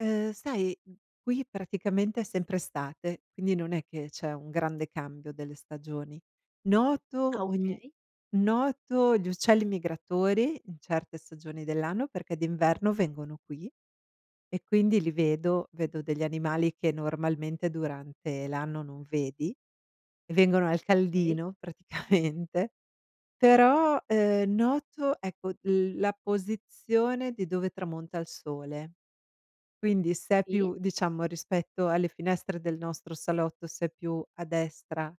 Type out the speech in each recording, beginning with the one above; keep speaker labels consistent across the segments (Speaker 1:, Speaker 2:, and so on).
Speaker 1: Eh sai, m qui praticamente è sempre estate, quindi non è che c'è un grande cambio delle stagioni. Noto
Speaker 2: Ah
Speaker 1: ogni
Speaker 2: okay.
Speaker 1: noto gli uccelli migratori in certe stagioni dell'anno perché d'inverno vengono qui e quindi li vedo, vedo degli animali che normalmente durante l'anno non vedi, vengono al
Speaker 2: Okay.
Speaker 1: caldino praticamente, però, uhm, noto ecco l la posizione di dove tramonta il sole. Quindi se è
Speaker 2: Sì.
Speaker 1: più diciamo, rispetto alle finestre del nostro salotto, se è più a destra,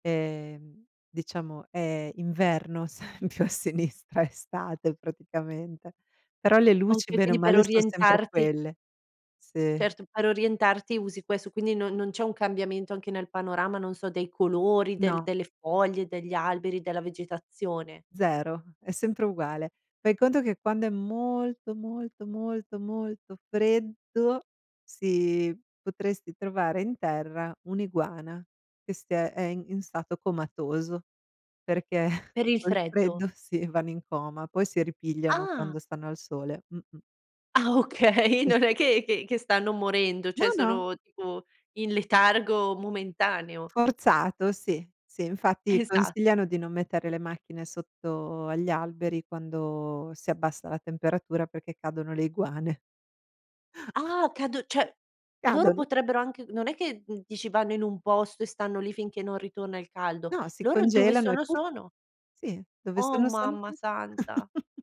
Speaker 1: ehm, diciamo è inverno, se è più a sinistra è estate praticamente, però le luci
Speaker 2: Okay,
Speaker 1: bene o
Speaker 2: quindi per
Speaker 1: male son sempre
Speaker 2: orientarti.
Speaker 1: quelle. Sì.
Speaker 2: Certo, per orientarti usi questo, quindi non non c'è un cambiamento anche nel panorama, non so, dei colori, del
Speaker 1: No.
Speaker 2: delle foglie, degli alberi, della vegetazione.
Speaker 1: 0, è sempre uguale. Fai conto che quando è molto, molto, molto, molto freddo si potresti trovare in terra un'iguana che è ste è in stato comatoso, perché
Speaker 2: Per il
Speaker 1: col
Speaker 2: freddo.
Speaker 1: freddo sì vanno in coma, poi si ripigliano
Speaker 2: Ah!
Speaker 1: quando stanno al sole. Mh-mh.
Speaker 2: Ah okay,
Speaker 1: Sì,
Speaker 2: non è
Speaker 1: sì.
Speaker 2: che che che stanno morendo,
Speaker 1: No,
Speaker 2: cioè
Speaker 1: no!
Speaker 2: sono tipo in letargo momentaneo.
Speaker 1: Forzato, sì, sì, infatti
Speaker 2: Esatto.
Speaker 1: consigliano di non mettere le macchine sotto agli alberi quando si abbassa la temperatura perché cadono le iguane.
Speaker 2: Ah! O cado cioè loro
Speaker 1: Cadono.
Speaker 2: potrebbero anche non è che dici vanno in un posto e stanno lì finché non ritorna il caldo.
Speaker 1: No, si
Speaker 2: Loro dove
Speaker 1: congelano e
Speaker 2: sono,
Speaker 1: puff,
Speaker 2: sono.
Speaker 1: sì, dove
Speaker 2: Oh
Speaker 1: sono, sono
Speaker 2: mamma
Speaker 1: puff.
Speaker 2: santa!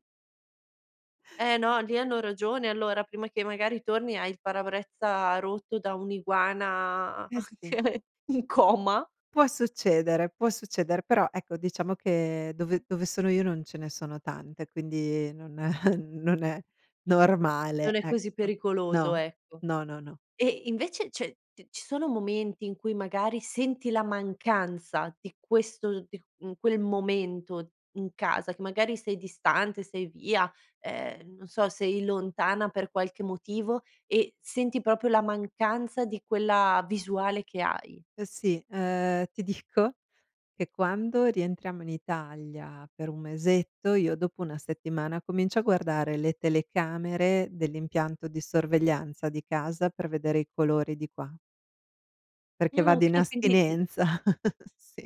Speaker 2: Eh no, lì hanno ragione allora prima che magari torni hai il parabrezza rotto da un' iguana
Speaker 1: Eh sì.
Speaker 2: anche in coma.
Speaker 1: Può succedere, può succedere, però ecco diciamo che dove dove sono io non ce ne sono tante, quindi non è non è
Speaker 2: Non
Speaker 1: normale,
Speaker 2: è così
Speaker 1: ecco.
Speaker 2: pericoloso,
Speaker 1: No,
Speaker 2: ecco.
Speaker 1: no, no, no.
Speaker 2: E invece cioè t ci sono momenti in cui magari senti la mancanza di questo di, mhmm, quel momento in casa che magari sei distante, sei via, ehm non so sei lontana per qualche motivo e senti proprio la mancanza di quella visuale che hai?
Speaker 1: Eh sì, uhm, ti dico che quando rientriamo in Italia per un mesetto, io dopo1 settimana comincio a guardare le telecamere dell'impianto di sorveglianza di casa per vedere i colori di qua. Perché
Speaker 2: Ah
Speaker 1: vado in
Speaker 2: okay quindi il
Speaker 1: astinenza, sì.